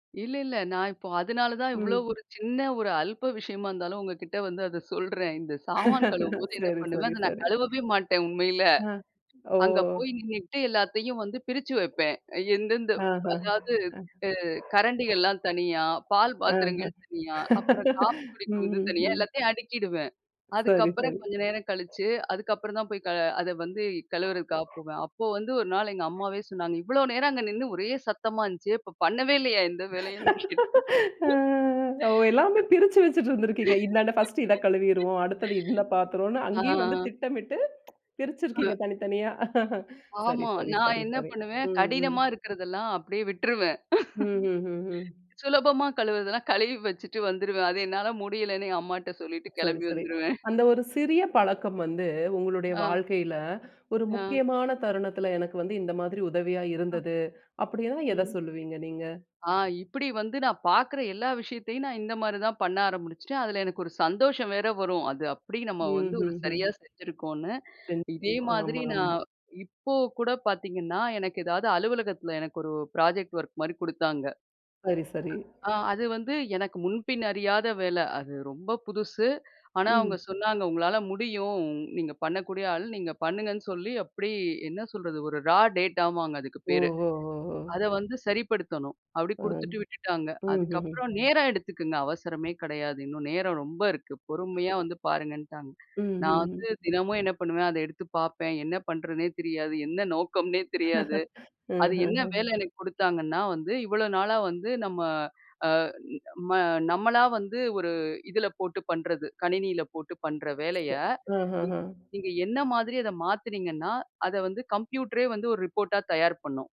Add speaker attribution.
Speaker 1: இல்ல, இல்ல. நான் இப்போ அதுனால தான் இவ்ளோ
Speaker 2: ம்.
Speaker 1: ஒரு சின்ன ஒரு அல்ப்ப விஷயமா இருந்தாலும் உங்கக்கிட்ட வந்து அத சொல்றேன். இந்த சாமான் கழுவும்போது என்ன
Speaker 2: சரி,
Speaker 1: பண்ணுவேன்,
Speaker 2: சரி,
Speaker 1: அத நான்
Speaker 2: சரி.
Speaker 1: கழுவவே மாட்டேன் உண்மையில.
Speaker 2: ஆ, ஓ!
Speaker 1: அங்க போய் நின்னுக்கிட்டு எல்லாத்தையும் வந்து பிரிச்சு வப்பேன். அ எந்தெந்த
Speaker 2: ஆஹா!
Speaker 1: அதாவது
Speaker 2: அ
Speaker 1: அ கரண்டிகள்லாம் தனியா, பால்
Speaker 2: ஆஹ்.
Speaker 1: பாத்திரங்கள் தனியா அப்புறம் காஃபி
Speaker 2: ம்,
Speaker 1: குடிக்கிறது
Speaker 2: ம்,
Speaker 1: தனியா
Speaker 2: ம்.
Speaker 1: எல்லாத்தையும் அடுக்கிடுவேன்.
Speaker 2: சரி,
Speaker 1: அதுக்கப்புறம்
Speaker 2: சரி.
Speaker 1: கொஞ்ச நேரம் கழிச்சு அதுக்கப்புறம் தான் போய் [unintelligible] அத வந்து கழுவுறதுக்காக போவேன். அப்போ வந்து ஒரு நாள் எங்க அம்மாவே சொன்னாங்க. "இவ்ளோ நேரம் அங்க நின்னு ஒரே சத்தமா இருந்துச்சு. அப்ப பண்ணவே இல்லயா! எந்த வேலையும் இன்னும்" [unintelligible]
Speaker 2: அஹ்! ஓ எல்லாமே பிரிச்சு வச்சுட்டு இருந்திருக்கீங்க. இன்ன, இன்ன பர்ஸ்ட் இத கழுவிருவோம். அடுத்தது இந்த பாத்திரோன்னு அங்கேயும் வந்து
Speaker 1: ஆ.
Speaker 2: திட்டமிட்டு பிரிச்சிருக்கீங்க.
Speaker 1: அஹ்.
Speaker 2: தனித்தனியா சரி,
Speaker 1: ஆமா.
Speaker 2: சரி,
Speaker 1: நான்
Speaker 2: சரி,
Speaker 1: என்ன
Speaker 2: சரி.
Speaker 1: பண்ணுவேன்
Speaker 2: ம், ம்.
Speaker 1: கடினமா இருக்கிறதெல்லாம் அப்பிடியே விட்டுருவேன்.
Speaker 2: ம்ஹ்ஹ்ஹ்ம்.
Speaker 1: சுலபமா கழுவுறதெல்லாம் கழுவி வச்சுட்டு வந்துருவேன். "அது என்னால முடியல"ன்னு என் அம்மாட்ட சொல்லிட்டு
Speaker 2: சரி,
Speaker 1: கிளம்பி
Speaker 2: சரி.
Speaker 1: வந்துருவேன்.
Speaker 2: அந்த ஒரு சிறிய பழக்கம் வந்து உங்களுடைய
Speaker 1: ஆ.
Speaker 2: வாழ்க்கையில ஒரு
Speaker 1: அ.
Speaker 2: முக்கியமான தருணத்துல "எனக்கு வந்து இந்த மாதிரி உதவியா
Speaker 1: அ.
Speaker 2: இருந்தது" அப்பிடின்னா எத
Speaker 1: ம்.
Speaker 2: சொல்லுவீங்க நீங்க?
Speaker 1: ஆ இப்பிடி வந்து நான் பார்க்குற எல்லா விஷயத்தையும் நான் இந்தமாரி தான் பண்ண ஆரம்முச்சுட்டேன். அதில எனக்கு ஒரு சந்தோஷம் வேற வரும். அது அப்பிடி நம்ம வந்து ஒரு
Speaker 2: ம்ஹ்ம்,
Speaker 1: சரியா
Speaker 2: ம்.
Speaker 1: செஞ்சிருக்கோன்னு.
Speaker 2: [unintelligible] ஆமா,
Speaker 1: இதேமாதிரி
Speaker 2: ஆமா.
Speaker 1: நான் இப்ப கூட பார்த்தீங்கன்னா, எனக்கு ஏதாவது அலுவலகத்தில எனக்கு ஒரு புராஜெக்ட் ஒர்க்மாரி குடுத்தாங்க.
Speaker 2: சரி, சரி.
Speaker 1: ஆ அது வந்து எனக்கு முன்பின் அறியாத வேல. அது ரொம்ப புதுசு. ஆனா அவுங்க
Speaker 2: ம்.
Speaker 1: சொன்னாங்க "உங்களால முடியும். நீங்க பண்ணக்கூடிய ஆள். நீங்க பண்ணுங்கன்னு" சொல்லி அப்பிடி என்ன சொல்றது, ஒரு ரா டேட்டா வாங்க அதுக்கு பேரு.
Speaker 2: ஓஹோ! ஹோ! ஹோ!
Speaker 1: அத வந்து சரிப்படுத்தணும். அப்பிடி
Speaker 2: ஆ,
Speaker 1: குடுத்துட்டு விட்டுட்டாங்க.
Speaker 2: ம்ஹ்ஹ்ம்.
Speaker 1: அதுக்கப்புறம் "நேரம் எடுத்துக்குங்க, அவசரமே கெடையாது. இன்னும் நேரம் ரொம்ப இருக்கு. பொறுமையா வந்து பாருங்க"ன்ட்டாங்க.
Speaker 2: ம்,
Speaker 1: நான்
Speaker 2: ம், ம்.
Speaker 1: வந்து தினமும் என்ன பண்ணுவேன், அத எடுத்து பார்ப்பேன். என்ன பண்றதுன்னே தெரியாது. என்ன நோக்கம்னே தெரியாது.
Speaker 2: அ, அ,
Speaker 1: அது என்ன
Speaker 2: அஹ்.
Speaker 1: வேல எனக்கு குடுத்தாங்கன்னா வந்து, இவ்ளோ நாளா வந்து நம்ம அ [unintelligible] நம்ம நம்மளா வந்து ஒரு இதுல போட்டு பண்றது. கணினில போட்டு பண்ற வேலைய,
Speaker 2: [unintelligible] அ, அ, ஆஹ்.
Speaker 1: நீங்க என்ன மாதிரி அத மாத்துனீங்கன்னா, அத வந்து கம்ப்யூட்ரே வந்து ஒரு ரிப்போர்ட்டா தயார் பண்ணும்.